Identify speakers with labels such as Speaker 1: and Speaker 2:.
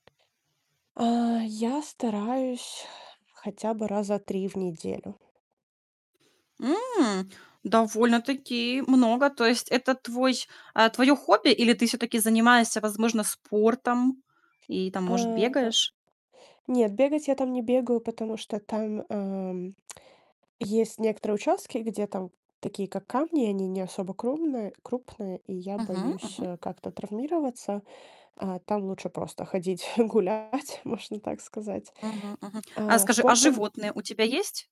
Speaker 1: А, я стараюсь, хотя бы раза 3 в неделю.
Speaker 2: М, довольно-таки много. То есть это твой, а, твое хобби? Или ты все-таки занимаешься, возможно, спортом и там, может,
Speaker 1: А,
Speaker 2: бегаешь?
Speaker 1: нет, бегать я там не бегаю, потому что там, эм, есть некоторые участки, где там такие, как камни, они не особо крумные крупные, и я
Speaker 2: Мгм,
Speaker 1: боюсь,
Speaker 2: мгм.
Speaker 1: э, как-то травмироваться. А, там лучше просто ходить гулять, можно так сказать.
Speaker 2: Мгм, мгм. А
Speaker 1: А,
Speaker 2: скажи, а
Speaker 1: спортом
Speaker 2: животные у тебя есть?